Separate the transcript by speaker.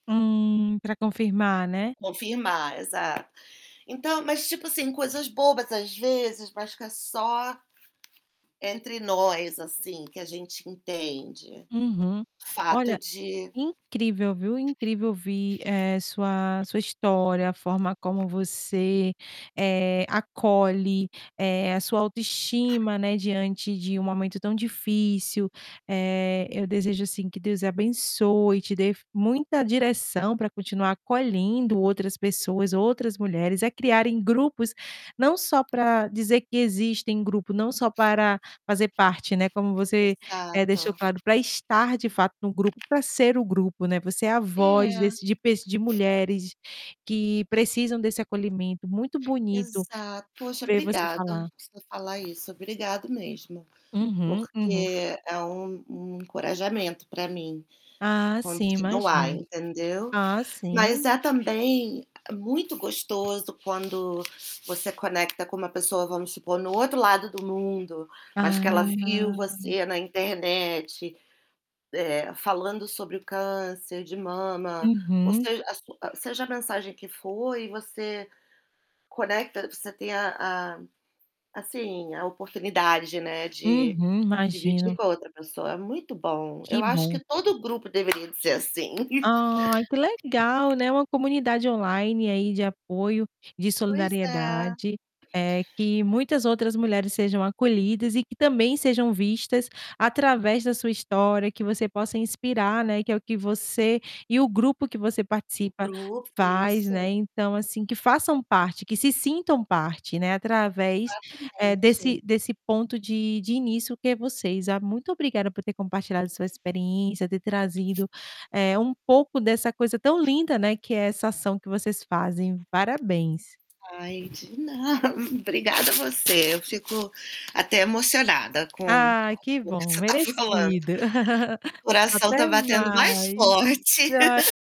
Speaker 1: Hum, pra confirmar, né?
Speaker 2: Confirmar, exato. Então, mas tipo assim, coisas bobas às vezes, mas fica só entre nós, assim, que a gente entende,
Speaker 1: Uhum.
Speaker 2: o
Speaker 1: Olha,
Speaker 2: fato de
Speaker 1: incrível viu, incrível ouvir, eh, sua sua história, a forma como você, eh, acolhe, eh, a sua autoestima, né, diante de um momento tão difícil, eh, eu desejo, assim, que Deus abençoe e te dê muita direção pra continuar acolhendo outras pessoas, outras mulheres a criarem grupos, não só pra dizer que existem grupo, não só para fazer parte, né, como você, eh,
Speaker 2: Exato.
Speaker 1: deixou claro, pra estar de fato no grupo, pra ser o grupo, né, você é a voz
Speaker 2: É.
Speaker 1: desse de pe de mulheres que precisam desse acolhimento, muito bonito
Speaker 2: Exato, poxa,
Speaker 1: ver você
Speaker 2: obrigada
Speaker 1: falar.
Speaker 2: por você falar isso, obrigado mesmo,
Speaker 1: Uhum, uhum.
Speaker 2: porque é um um encorajamento pra mim
Speaker 1: Ah, sim
Speaker 2: continuar,
Speaker 1: imagino.
Speaker 2: entendeu.
Speaker 1: Ah,
Speaker 2: Mas
Speaker 1: sim.
Speaker 2: há também muito gostoso quando você conecta com uma pessoa, vamos supor, no outro lado do mundo, mas que ela viu
Speaker 1: Ah.
Speaker 2: você na internet, eh, falando sobre o câncer de mama, ou
Speaker 1: Uhum.
Speaker 2: seja, a sua seja a mensagem que for e você conecta você tem a a, assim, a oportunidade, né, de
Speaker 1: Uhum,
Speaker 2: dividir
Speaker 1: imagino.
Speaker 2: com outra pessoa, é muito bom,
Speaker 1: Que
Speaker 2: eu acho
Speaker 1: bom.
Speaker 2: que todo o grupo deveria ser assim.
Speaker 1: Ai, que legal, né, uma comunidade online aí de apoio, de
Speaker 2: Pois é.
Speaker 1: solidariedade, eh, que muitas outras mulheres sejam acolhidas e que também sejam vistas através da sua história, que você possa inspirar, né, que é o que você e o grupo que você
Speaker 2: O
Speaker 1: participa
Speaker 2: grupo,
Speaker 1: faz,
Speaker 2: isso.
Speaker 1: né, então, assim, que façam parte, que se sintam parte, né, através, eh,
Speaker 2: Exatamente.
Speaker 1: desse desse ponto de de início que é vocês. Ah, muito obrigada por ter compartilhado sua experiência, ter trazido, eh, um pouco dessa coisa tão linda, né, que é essa ação que vocês fazem, parabéns.
Speaker 2: Ai, de na Obrigada você, eu fico até emocionada com
Speaker 1: Ah, que
Speaker 2: com o que
Speaker 1: bom,
Speaker 2: você tá falando.
Speaker 1: merecido.
Speaker 2: O coração tá
Speaker 1: Até
Speaker 2: batendo mais
Speaker 1: mais.
Speaker 2: forte.
Speaker 1: [unintelligible]